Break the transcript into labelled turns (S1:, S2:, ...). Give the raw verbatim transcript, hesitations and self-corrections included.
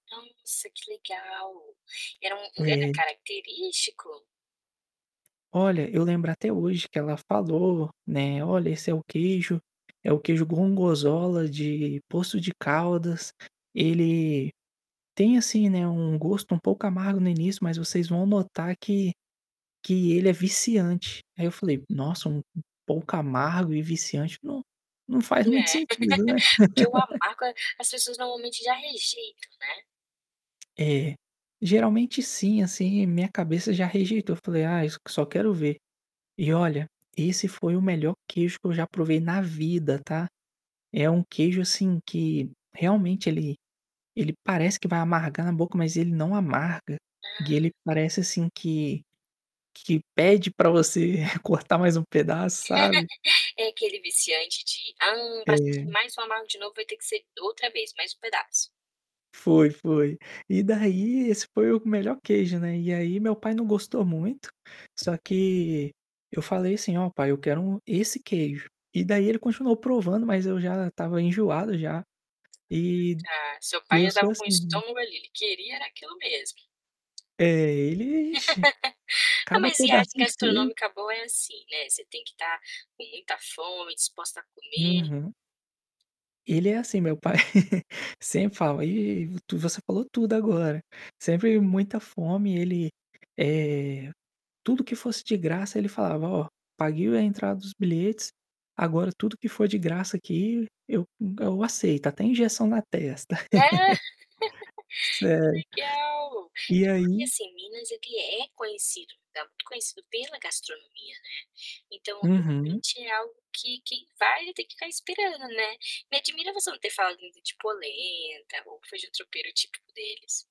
S1: Nossa, que legal. Era um lugar
S2: É.
S1: característico?
S2: Olha, eu lembro até hoje que ela falou, né: "Olha, esse é o queijo, é o queijo gongorzola de Poços de Caldas, ele tem, assim, né, um gosto um pouco amargo no início, mas vocês vão notar que que ele é viciante". Aí
S1: Uhum.
S2: eu falei: "Nossa, um p pouco amargo e viciante, não não faz muito
S1: É.
S2: sentido, né?"
S1: Porque o amargo é as pessoas normalmente já rejeitam, né?
S2: É, geralmente sim, assim, minha cabeça já rejeitou. Eu falei: "Ai, s só quero ver". E olha, esse foi o melhor queijo que eu já provei na vida, tá? É um queijo, assim, que realmente ele ele parece que vai amargar na boca, mas ele não amarga.
S1: Hã.
S2: E ele parece, assim, que que pede para você cortar mais um pedaço, sabe?
S1: É aquele viciante de: "Ah, pra sentir
S2: É.
S1: mais formal de novo vai ter que ser outra vez, mais um pedaço".
S2: Foi, foi. E daí, esse foi o melhor queijo, né. E aí meu pai não gostou muito, só que eu falei assim: "Ó, pai, eu quero um esse queijo". E daí ele continuou provando, mas eu já estava enjoado já. E
S1: Tá. Seu pai
S2: eu sou
S1: andava com
S2: assim,
S1: o
S2: né.
S1: estômago ali, ele queria era aquilo mesmo.
S2: É, ele, ixi,
S1: Ah,
S2: cada
S1: mas viagem
S2: pedacinho de quei
S1: gastronômica boa é assim, né, você tem que estar com muita fome, disposta a comer.
S2: Uhum. Ele é assim, meu pai, sempre falava eh, tu você falou tudo agora. Sempre muita fome, ele, eh, tudo que fosse de graça, ele falava: "Ó, paguei o a entrada dos bilhetes, agora tudo que for de graça aqui, eu eu aceito, até injeção na testa."
S1: Ah.
S2: Sério.
S1: Que legal!
S2: E
S1: É porque,
S2: aí
S1: assim, Minas, ele é conhecido, muito conhecido pela gastronomia, né. Então,
S2: Uhum.
S1: realmente, é algo que quem vai, vai ter que ficar esperando, né? Me admira você não ter falado ainda de polenta ou o feijão tropeiro típico deles.